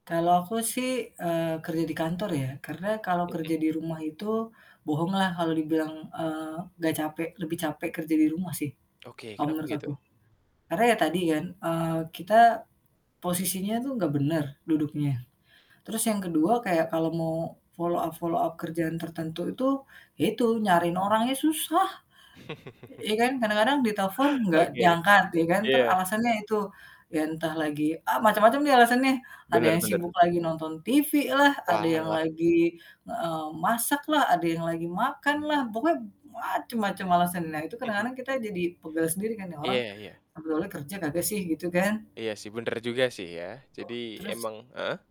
Kalau aku sih, eee, kerja di kantor ya. Karena kalau kerja Mhm. di rumah itu, bohong lah kalau dibilang, eee, gak capek, lebih capek kerja di rumah sih, Oke, kalau kenapa menurut aku. gitu? Karena ya tadi kan, eee, kita posisinya tuh gak bener, duduknya, terus yang ke-2 kayak kalau mau follow up follow up kerjaan tertentu itu, ya itu nyariin orangnya susah. Iya kan? Kadang-kadang ditelfon gak Oke. diangkat, iya kan? Entar Iya. alasannya itu, ya entah lagi ah macem-macem deh alasannya nih. Ada Bener yang bener. sibuk lagi nonton TV lah, ada yang Walah. lagi, eee, masak lah, ada yang lagi makan lah, pokoknya macem-macem alasan. Nah, itu kadang-kadang kita jadi pegal sendiri kan, "Nih orang Iya iya sebenernya kerja kagak sih?" Gitu kan. Iya sih, bener juga sih ya, jadi Terus emang heeh?